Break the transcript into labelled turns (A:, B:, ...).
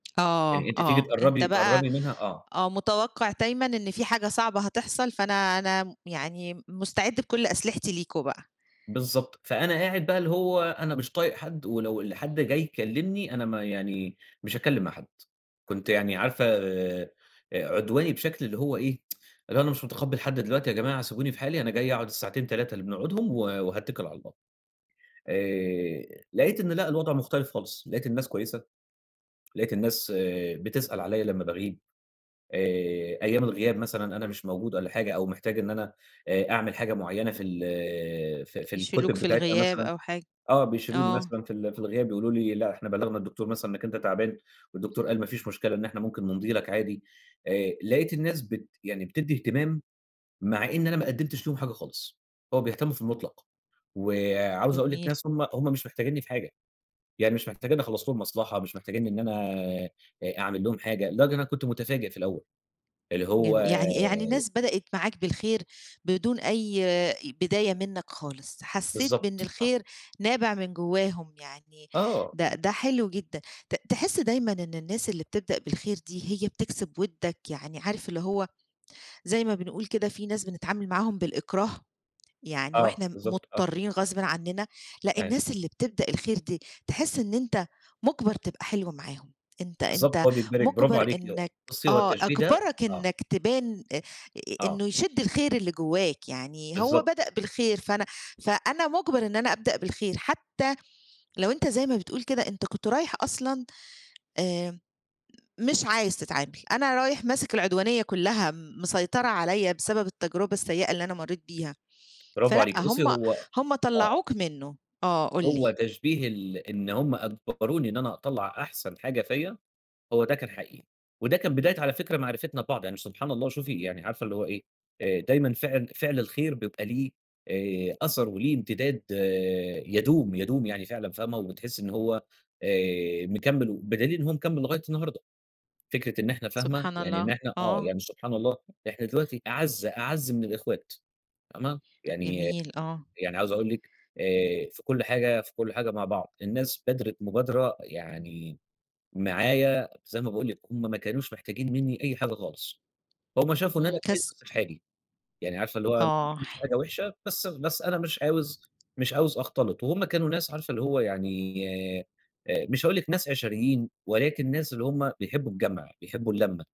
A: يعني
B: آه،
A: أنتِ تيجي
B: آه، أنت
A: تقرّبي،
B: بقى
A: تقرّبي منها آه.
B: آه، متوقِّع دايمًا إن فيه حاجة صعبة هتحصل فأنا، أنا م يعني م مُستعِّد بكُلّ أسلحتي ليكم بقى.
A: بالضبط، فأنا قاعد بقى اللي هو أنا مش طايق حد، ولو ال حد جاي يكلمني أنا ما يعني مش هاتكلم مع حد، كنت يعني عارفة آآ، عدواني بشكل اللي هو إيه يا جماعة أنا مش متقبّل حد دلوقتي يا جماعة، سيبوني في حالي أنا جاي أقعد الساعتين 3 اللي بنقعدهم و وهاتّكل على الله، آآ، لقيت إن لأ الوضع مختلف خالص، لقيت الناس كويسة، لقيت الناس آآ بتسأل عليَّ لمّا باغيب آآ، أيام الغياب مثلًا، أنا مش موجود والَّا حاجة أو محتاج إن أنا آآ، أعمِل حاجة معيّنة في ال في، في ال
B: يشيلوك
A: [unintelligible]
B: في
A: بتاعتها
B: الغياب
A: مثلًا،
B: أو حاجة،
A: آه، بيشيلوني
B: آه.
A: مثلًا في ال في الغياب يقولوا لي لأ إحنا بلّغنا الدكتور مثلًا إنّك أنت تعبان، والدكتور قال ما فيش مشكلة إن إحنا ممكن نمضي لك عادي، آآ، لقيت الناس بت يعني بتدّي اهتمام، مع إن أنا ما قدِّمتش ليهم حاجة خالص، هو بيهتموا في المُطلق، وعاوز أقول لِك
B: جميل.
A: ناس هم، هم مش محتاجينّي في حاجة، يعني مش محتاجينّي أخلّص لهم مصلحة، مش محتاجينّي إن أنا آآ، أعمِل لهم حاجة، لدرجة إن أنا كنت متفاجئ في الأول، اللي هو
B: جم يعني، يعني
A: آآ
B: الناس بدأت معاك بالخير، بدون أي آآ، بداية منّك خالص، حسّيت بإن
A: بالضبط، آه.
B: الخير نابع من جوّاهم يعني
A: آه.
B: ده، ده حلو جدًا، ت تحس دايمًا إن الناس اللي بتبدأ بالخير دي هي بتكسب ودّك، يعني عارف اللي هو زي ما بنقول كده في ناس بنتعامل معاهم بالإكراه، يعني
A: آه
B: وإحنا م
A: بالضبط، آه،
B: مضطّرين غصبٍ عنّنا، لأ
A: أي
B: الناس اللي بتبدأ الخير دي، تحس إن أنت مُجبَر تبقى حلو معاهم أنت،
A: بالضبط
B: أنت
A: هو بيجبرِك برافو
B: مُجبَر
A: عليكِ، [unintelligible]
B: إنّك
A: بُصّي هو
B: آه،
A: التشبيه ده
B: أجبَرَك
A: آه.
B: إنّك تبان أ أ
A: آه.
B: إنه يشِدّ الخير اللي جوّاك، يعني هو بدأ
A: بالضبط.
B: بالخير فأنا، فأنا مُجبَر إن أنا أبدأ بالخير، حتى لو أنت زي ما بتقول كده أنت كنت رايح أصلًا آمم، مش عايز تتعامل، أنا رايح ماسِك العدوانية كلّها م مسيطرة عليَّ بسبب التجربة السيئة اللي أنا مرّيت بيها،
A: برافو
B: فلأ
A: عليكِ، بُصّي
B: هم،
A: هو
B: هم
A: آه.
B: طلّعوك منُّه، آه، قُل
A: هو
B: لي.
A: تشبيه ال إن هُم أجبروني إن أنا أطلّع أحسن حاجة فيَّ، هو ده كان حقيقي، وده كان بداية على فكرة معرفتنا ببعض، يعني ش سبحان الله وشوفي يعني عارفة اللي هو إيه، آآ، دايمًا فِعل فِعل الخير بيبقى ليه آآ، أثَر وليه امتداد آآ يدوم، يدوم يعني فعلًا فاهمة، وبتحسّي إن هو آآ، مكمّل و بدليل إن هو مكمّل لغاية النهارده، فكرة إن إحنا فاهمة،
B: سبحان
A: يعني إن
B: الله!
A: إحنا آه،
B: آه.
A: يعني سبحان الله إحنا دلوقتي أعز، أعز من الإخوات فاهمة، يعني،
B: جميل آه.
A: يعني عاوز أقول لِك آآ، في كُلّ حاجة في كُلّ حاجة مع بعض، الناس بادرت مبادرة يعني معايا زي ما باقول لِك، هم ما كانوش محتاجين منّي أي حاجة خالص، فهُم شافوا إن
B: إمم،
A: أنا كويس
B: كس
A: بس في حالي، يعني عارفة اللي هو ما
B: آه،
A: باعملش
B: ح
A: حاجة وِحشة بس، بس أنا مش عاوز مش عاوز أختلِط، وهم كانوا ناس عارفة اللي هو يعني آآ، مش هاقول لِك ناس عشريين، ولكن ناس اللي هم بيحبوا الجَمْع بيحبوا اللمَّة.